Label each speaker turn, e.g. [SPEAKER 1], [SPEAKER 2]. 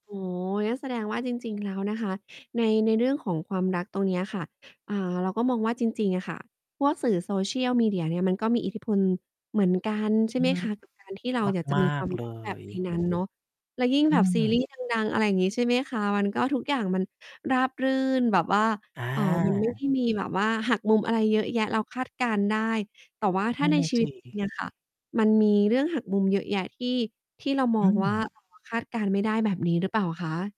[SPEAKER 1] อ๋อ งั้นแสดงว่าจริง ๆ แล้วนะคะ ใน ในเรื่องของความรักตรงเนี้ยค่ะ อ่า เราก็มองว่าจริง ๆ อะค่ะ พวกสื่อ social media เนี่ยมันก็มีอิทธิพลเหมือนกัน ใช
[SPEAKER 2] อ
[SPEAKER 1] ่
[SPEAKER 2] ื
[SPEAKER 1] ไห
[SPEAKER 2] อ
[SPEAKER 1] ม
[SPEAKER 2] ฮึ
[SPEAKER 1] คะ กับ การที่เราอยากจะ
[SPEAKER 2] มา
[SPEAKER 1] มีคว
[SPEAKER 2] ก
[SPEAKER 1] าม
[SPEAKER 2] ๆ เล
[SPEAKER 1] รักแบบใน
[SPEAKER 2] ย
[SPEAKER 1] นั้นเนาะ แล้วยิ่ง
[SPEAKER 2] อ
[SPEAKER 1] แบบ ซี
[SPEAKER 2] ืม
[SPEAKER 1] รีส์ดัง ๆ อะไรอย่างงี้ ใช่ไหมคะ มันก็ทุกอย่างมันราบรื่นแบบว่า
[SPEAKER 2] อ
[SPEAKER 1] เอ่อ มันไม่ได
[SPEAKER 2] า
[SPEAKER 1] ้ มีแบบว่าหักมุมอะไรเยอะแยะ เราคาดการณ์ได้ แต่ว่าถ
[SPEAKER 2] น
[SPEAKER 1] ้า
[SPEAKER 2] ั่
[SPEAKER 1] ใ
[SPEAKER 2] น
[SPEAKER 1] น
[SPEAKER 2] น่ะ
[SPEAKER 1] ชี
[SPEAKER 2] ส
[SPEAKER 1] วิตจริง
[SPEAKER 2] ิ
[SPEAKER 1] อะค่ะ มันมีเรื่องหักมุมเยอะแยะที่ ที่เราม
[SPEAKER 2] อ
[SPEAKER 1] อ
[SPEAKER 2] ื
[SPEAKER 1] งว่า
[SPEAKER 2] ม
[SPEAKER 1] คาดการณ์ไม่ได้แบบนี้หรือเปล่าคะ?